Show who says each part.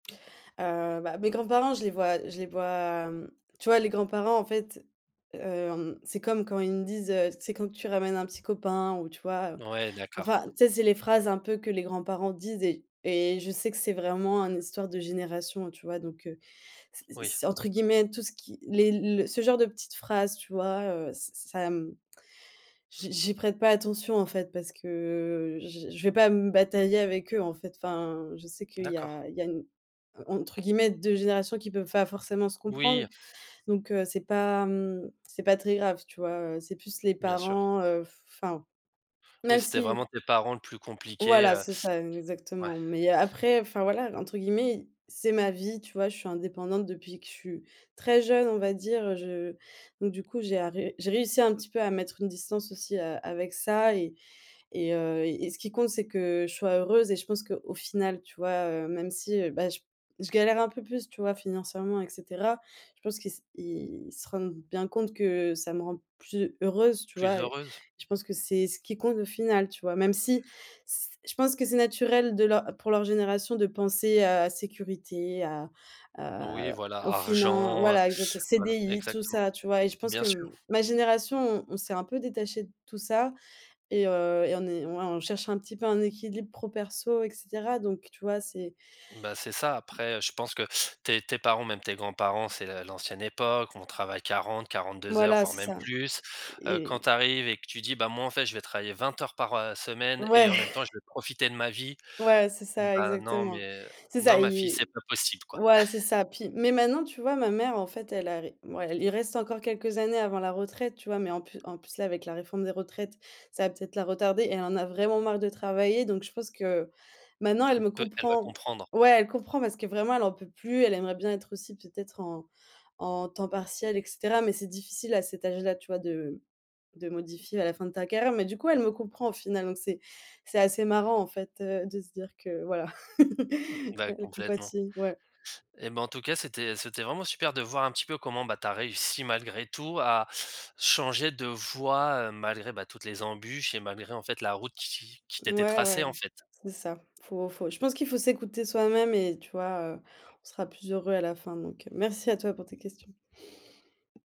Speaker 1: Heu, bah, mes grands-parents, je les vois je les vois, hem, tu vois? Les grands-parents, en fait, hem, c'est comme quand ils me disent: «Heu, c'est quand tu ramènes un petit copain?» Ou, tu vois? Heu,
Speaker 2: Ouais, d'accord.
Speaker 1: enfin, tu sais, c'est les phrases un peu que les grands-parents disent et et je sais que c'est vraiment un histoire de génération, heu, tu vois? Donc heu, c
Speaker 2: Oui.
Speaker 1: c'est, entre guillemets, tout ce qui les le ce genre de petites phrases, tu vois, heu, ç ça, mmh, j'y j'y prête pas attention, en fait, parce que j j je vais pas me batailler avec eux, en fait. Enfin, je sais qu'il y
Speaker 2: D'accord.
Speaker 1: a il y a une entre guillemets, «2 générations» qui peuvent pas forcément se comprendre,
Speaker 2: Oui.
Speaker 1: donc heu, c'est pas, mmh, c'est pas très grave, tu vois? Heu, c'est plus les
Speaker 2: Bien sûr.
Speaker 1: parents, heu, f enfin,
Speaker 2: Oui,
Speaker 1: même
Speaker 2: c'était
Speaker 1: si
Speaker 2: vraiment tes parents le plus compliqué,
Speaker 1: voilà,
Speaker 2: heu,
Speaker 1: c'est ça,
Speaker 2: ouais.
Speaker 1: exactement, mais après, enfin voilà, entre guillemets i «c'est ma vie», tu vois? Je suis indépendante depuis que je suis très jeune, on va dire, heu, je donc, du coup, j'ai arrê j'ai réussi un petit peu à mettre une distance aussi a avec ça, et et heu, et ce qui compte, c'est que je sois heureuse! Et je pense qu'au final, tu vois? Heu, même si, heu, bah, j je galère un peu plus, tu vois? Financièrement et cetera. Je pense qu'ils se ils se rendent bien compte que ça me rend plus heureuse, tu
Speaker 2: Plus
Speaker 1: vois? Et,
Speaker 2: heureuse?
Speaker 1: je pense que c'est ce qui compte au final, tu vois? Même si, s je pense que c'est naturel de leur pour leur génération de penser à sécurité, à
Speaker 2: Oui
Speaker 1: à à, heu,
Speaker 2: voilà!
Speaker 1: au finan
Speaker 2: Argent, heu,
Speaker 1: voila. Exacte heu,
Speaker 2: voilà,
Speaker 1: CDI, tout
Speaker 2: exactement.
Speaker 1: ça, tu vois? Et je pense
Speaker 2: Bien
Speaker 1: que,
Speaker 2: sûr!
Speaker 1: m ma génération, on on s'est un peu détachés de tout ça et heu, et on est ouais, on cherche un petit peu un équilibre pro perso et cetera, donc tu vois, c'est
Speaker 2: Bah, c'est ça! Après, je pense que tes tes parents, même tes grands-parents, c'est, heu, l'ancienne époque, on travaille 40-42 heures,
Speaker 1: voilà,
Speaker 2: voire
Speaker 1: c'est
Speaker 2: même
Speaker 1: ça
Speaker 2: plus, heu, quand
Speaker 1: et
Speaker 2: tu arrives et que tu dis: «Bah, moi, en fait, je vais travailler 20 heures par, heu, semaine et
Speaker 1: Ouais
Speaker 2: en même temps, je vais profiter de ma vie».
Speaker 1: ouais, c'est ça,
Speaker 2: «Bah, non
Speaker 1: exactement.
Speaker 2: mais
Speaker 1: C'est
Speaker 2: non
Speaker 1: ça,
Speaker 2: ma fille,
Speaker 1: ils
Speaker 2: c'est pas possible quoi!»
Speaker 1: ouais, c'est ça. Puis, mais maintenant, tu vois? Ma mère, en fait, elle arri mouais, elle il reste encore quelques années avant la retraite, tu vois? Mais en plus en plus, là, avec la réforme des retraites, ça va peut-être la retarder, elle en a vraiment marre de travailler, donc, pense que, maintenant, elle
Speaker 2: Elle
Speaker 1: me
Speaker 2: peut elle va
Speaker 1: comprend
Speaker 2: comprendre.
Speaker 1: ouais, elle comprend parce que vraiment, elle en peut plus. Elle aimerait bien être aussi peut-être en en temps partiel, et cetera, mais c'est difficile à cet âge-là, tu vois? De de modifier à la fin de ta carrière, mais du coup, elle me comprend, au final, donc, c'est c'est assez marrant, en fait, heu, de se dire que, voilà, e
Speaker 2: Bah,
Speaker 1: elle
Speaker 2: complètement.
Speaker 1: compatit ouais.
Speaker 2: Et bah, en tout cas, c'était c'était vraiment super de voir un petit peu comment bah, tu as réussi malgré tout, à changer de voie, heu, malgré bah, toutes les embûches, et malgré, en fait, la route qui qui t'était
Speaker 1: Mouais, ouais,
Speaker 2: tracée, en
Speaker 1: m
Speaker 2: fait.
Speaker 1: c'est ça. Faut faut je pense qu'il faut s'écouter soi-même et tu vois, heu, on sera plus heureux à la fin, donc heu, merci à toi pour tes questions.